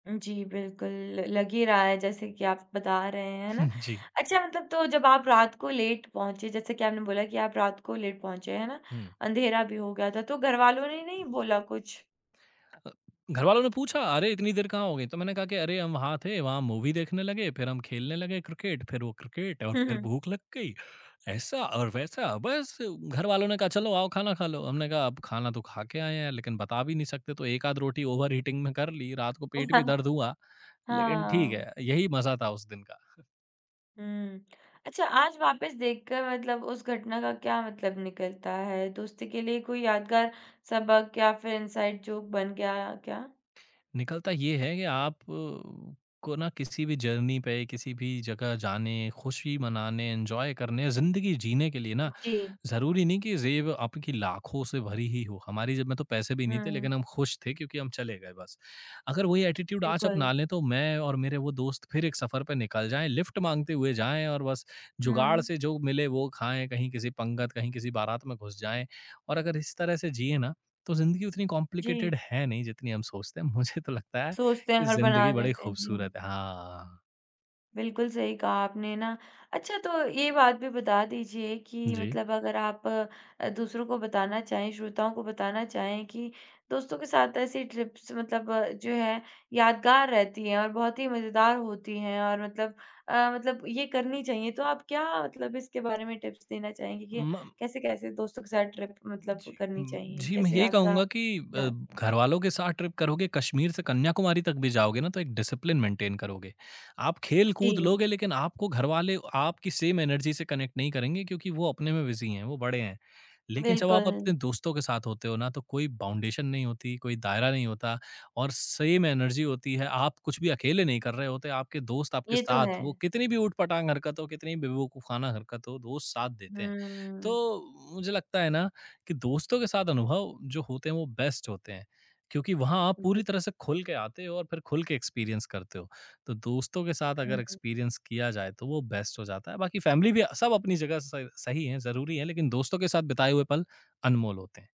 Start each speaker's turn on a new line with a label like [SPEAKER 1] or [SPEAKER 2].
[SPEAKER 1] उ, जी, बिल्कुल ल लग ही रहा है जैसे कि आप बता रहे हैं, है ना?
[SPEAKER 2] हुँ। जी।
[SPEAKER 1] अच्छा मतलब तो जब आप रात को लेट पहुँचे, जैसे कि आपने बोला कि आप रात को लेट पहुँचे, है ना?
[SPEAKER 2] हुँ।
[SPEAKER 1] अँधेरा भी हो गया था, तो घरवालों ने नहीं बोला कुछ?
[SPEAKER 2] अ, घरवालों ने पूछा अरे! इतनी देर कहाँ हो गई? तो मैंने कहा कि अरे! हम वहाँ थे, वहाँ मूवी देखने लगे, फिर हम खेलने लगे क्रिकेट, फिर वो क्रिकेट और
[SPEAKER 1] हुँ,
[SPEAKER 2] फिर
[SPEAKER 1] हुँ।
[SPEAKER 2] भूख लग गई, ऐसा और वैसा, बस घरवालों ने कहा चलो आओ खाना खा लो। हमने कहा अब खाना तो खा के आए हैं लेकिन बता भी नहीं सकते तो एकाध रोटी ओवरईटिंग में कर ली। रात को पेट भी दर्द हुआ लेकिन ठीक
[SPEAKER 1] हाँ।
[SPEAKER 2] है, यही मज़ा था उस दिन का।
[SPEAKER 1] हुँ। अच्छा आज वापस देख कर मतलब उस घटना का क्या मतलब निकलता है, दोस्ती के लिए कोई यादगार सबक या फिर इनसाइड जोक बन गया, क्या?
[SPEAKER 2] निकलता ये है कि आपको ना किसी भी जर्नी पे, किसी भी जगह जाने, खुशी मनाने, एन्जॉय करने, ज़िंदगी जीने के लिए
[SPEAKER 1] उ,
[SPEAKER 2] ना
[SPEAKER 1] जी।
[SPEAKER 2] ज़रूरी नहीं कि ज़ेब आपकी लाखों से भरी ही हो। हमारी जेब में तो पैसे भी नहीं थे
[SPEAKER 1] हुँ।
[SPEAKER 2] लेकिन हम खुश थे क्योंकि हम चले गए बस। अगर वही एटीट्यूड आज
[SPEAKER 1] बिल्कुल।
[SPEAKER 2] अपना लें तो मैं और मेरे वो दोस्त फिर एक सफ़र पे निकल जाएँ, लिफ्ट माँगते हुए जाएँ और बस जुगाड़
[SPEAKER 1] हुँ।
[SPEAKER 2] से जो मिले वो खाएँ, कहीं किसी पंगत, कहीं किसी बारात में घुस जाएँ और अगर इस तरह से जिएँ ना, तो ज़िंदगी उतनी
[SPEAKER 1] जी।
[SPEAKER 2] कॉम्प्लिकेटेड है नहीं जितनी हम सोचते हैं। मुझे तो लगता है
[SPEAKER 1] सोचते हैं,
[SPEAKER 2] कि
[SPEAKER 1] हड़बड़ा
[SPEAKER 2] ज़िंदगी बड़ी
[SPEAKER 1] देते हैं। जी।
[SPEAKER 2] खूबसूरत है। हाँ।
[SPEAKER 1] बिल्कुल सही कहा आपने ना। अच्छा, तो ये बात भी बता दीजिए कि
[SPEAKER 2] जी।
[SPEAKER 1] मतलब अगर आप अ, दूसरों को बताना चाहें, श्रोताओं को बताना चाहें, कि दोस्तों के साथ ऐसी ट्रिप्स मतलब जो है यादगार रहती हैं और बहुत ही मज़ेदार होती हैं और मतलब अ, मतलब ये करनी चाहिए। तो आप क्या मतलब इसके बारे में टिप्स देना चाहेंगी कि
[SPEAKER 2] म
[SPEAKER 1] कैसे-कैसे दोस्तों के साथ ट्रिप मतलब
[SPEAKER 2] जी
[SPEAKER 1] करनी
[SPEAKER 2] म
[SPEAKER 1] चाहिए,
[SPEAKER 2] जी, मैं
[SPEAKER 1] कैसे
[SPEAKER 2] यही
[SPEAKER 1] यात्रा
[SPEAKER 2] कहूँगा कि
[SPEAKER 1] भी
[SPEAKER 2] अ,
[SPEAKER 1] आजकल
[SPEAKER 2] घरवालों के साथ ट्रिप करोगे, कश्मीर से कन्याकुमारी तक भी जाओगे ना तो एक डिसिप्लिन मेंटेन करोगे। आप
[SPEAKER 1] हुँ,
[SPEAKER 2] खेलकूद
[SPEAKER 1] जी।
[SPEAKER 2] लोगे लेकिन आपको घरवाले आपकी सेम एनर्जी से कनेक्ट नहीं करेंगे क्योंकि वो अपने में बिज़ी हैं, वो बड़े हैं। लेकिन जब आप अपने
[SPEAKER 1] बिल्कुल।
[SPEAKER 2] दोस्तों के साथ होते हो ना तो कोई बाउंडेशन नहीं होती, कोई दायरा नहीं होता, और सेम एनर्जी होती है। आप कुछ भी अकेले नहीं कर रहे होते, आपके दोस्त आपके
[SPEAKER 1] ये तो है।
[SPEAKER 2] साथ वो कितनी भी उटपटांग हरकत हो, कितनी भी बेवकूफाना हरकत हो, दोस्त साथ देते हैं।
[SPEAKER 1] हुँ।
[SPEAKER 2] तो मुझे लगता है ना कि दोस्तों के साथ अनुभव जो होते हैं वो बेस्ट होते हैं। क्योंकि वहाँ आप
[SPEAKER 1] उ, जी।
[SPEAKER 2] पूरी तरह से खुल के आते हो और फिर खुल के एक्सपीरियंस करते हो। तो दोस्तों के साथ अगर
[SPEAKER 1] हुँ।
[SPEAKER 2] एक्सपीरियंस किया जाए तो वो बेस्ट हो जाता है। बाकी फैमिली भी अ, सब अपनी जगह स सही हैं, ज़रूरी हैं लेकिन दोस्तों के साथ बिताए हुए पल अनमोल होते हैं।